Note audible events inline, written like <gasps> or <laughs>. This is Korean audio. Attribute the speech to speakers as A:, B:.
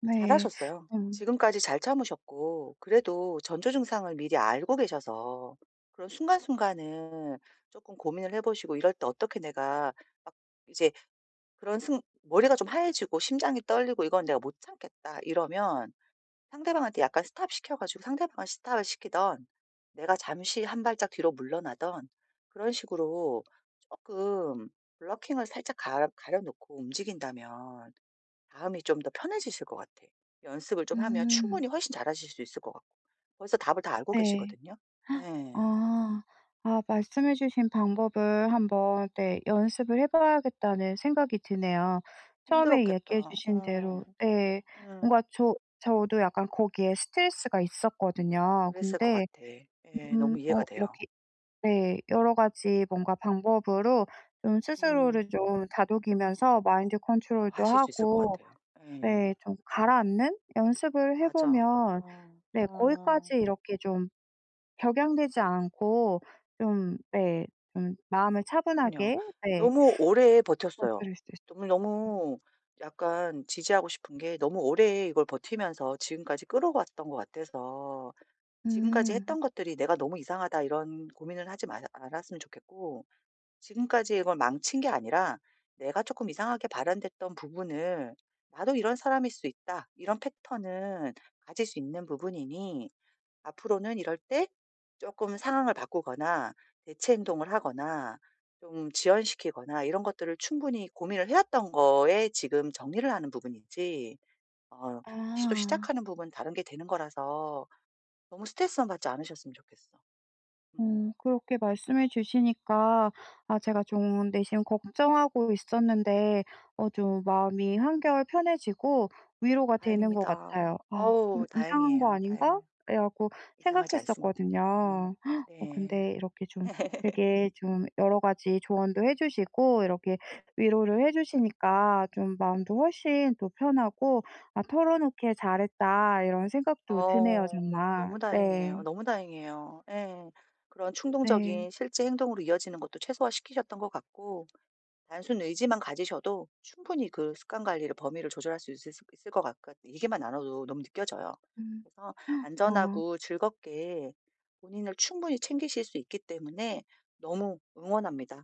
A: 네.
B: 잘하셨어요.
A: 음.
B: 지금까지 잘 참으셨고 그래도 전조증상을 미리 알고 계셔서 그런 순간순간을 쪼끔 고민을 해 보시고 이럴 때 어떻게 '내가 막 이제 그런 승 머리가 좀 하얘지고 심장이 떨리고 이건 내가 못 참겠다.' 이러면 상대방한테 약간 stop 시켜 가지고 상대방을 stop 시키든 내가 잠시 한 발짝 뒤로 물러나든 그런 식으로 쪼끔 블러킹을 살짝 가 가려놓고 움직인다면 마음이 좀 더 편해지실 것 같아. 연습을 좀 하면
A: 음.
B: 충분히 훨씬 잘하실 수 있을 것 같고 벌써 답을 다 알고
A: 예.
B: 계시거든요.
A: <gasps>
B: 예.
A: 아 아 말씀해 주신 방법을 한번 네 연습을 해 봐야겠다는 생각이 드네요. 처음에 얘기해
B: 힘들었겠다.
A: 주신 대로
B: 어
A: 예
B: 응.
A: 뭔가 저 저도 약간 거기에 스트레스가 있었거든요.
B: 그랬을 것
A: 근데
B: 같아. 예.
A: 음
B: 너무 이해가
A: 어
B: 돼요.
A: 이렇게 네 여러 가지 뭔가 방법으로 좀
B: 음.
A: 스스로를 좀 다독이면서 마인드
B: 어
A: 컨트롤도
B: 하실 수 있을 것
A: 하고
B: 같아요. 예.
A: 네 좀 가라앉는 연습을 해
B: 맞아.
A: 보면
B: 어.
A: 네
B: 어.
A: 거기까지 이렇게 좀 격양되지 않고 좀 네 좀 마음을
B: 그럼요.
A: 차분하게 네.
B: 너무 오래 버텼어요. 정말
A: <unintelligible>
B: 너무 약간 지지하고 싶은 게 너무 오래 이걸 버티면서 지금까지 끌어왔던 것 같아서 지금까지
A: 음.
B: 했던 것들이 '내가 너무 이상하다.' 이런 고민을 하지 말았 않았으면 좋겠고 지금까지 이걸 망친 게 아니라 내가 쪼끔 이상하게 발현됐던 부분을 '나도 이런 사람일 수 있다.' 이런 패턴은 가질 수 있는 부분이니 앞으로는 이럴 때 쪼끔 상황을 바꾸거나 대체 행동을 하거나 좀 지연시키거나 이런 것들을 충분히 고민을 해 왔던 거에 지금 정리를 하는 부분이지 어 다시 또
A: 아.
B: 시작하는 부분은 다른 게 되는 거라서 너무 스트레스만 받지 않으셨으면 좋겠어. 음.
A: 음 그렇게 말씀해 주시니까 아 제가 좀 내심 걱정하고 있었는데 어 좀 마음이 한결 편해지고 위로가 되는 것
B: 다행입니다.
A: 같아요. '아 좀
B: 어우
A: 이상한 거
B: 다행이에요.
A: 아닌가?'
B: 다행이에요.
A: 그래 갖고
B: 이상하지 않습니다.
A: 생각했었거든요.
B: 음
A: 어
B: 네.
A: 근데 이렇게 좀
B: <laughs>
A: 되게 좀 여러 가지 조언도 해 주시고 이렇게 위로를 해 주시니까 좀 마음도 훨씬 더 편하고 '아 털어놓길 잘했다.' 이런 생각도 드네요,
B: 어
A: 정말.
B: 너무 다행이에요.
A: 네.
B: 너무 다행이에요. 예. 그런
A: 네.
B: 충동적인 실제 행동으로 이어지는 것도 최소화시키셨던 것 같고 단순 의지만 가지셔도 충분히 그 습관 관리를 범위를 조절할 수 있으시 있을 것 같것 얘기만 나눠도 너무 느껴져요.
A: 음.
B: 그래서
A: 아.
B: 안전하고 즐겁게 본인을 충분히 챙기실 수 있기 때문에 너무 응원합니다.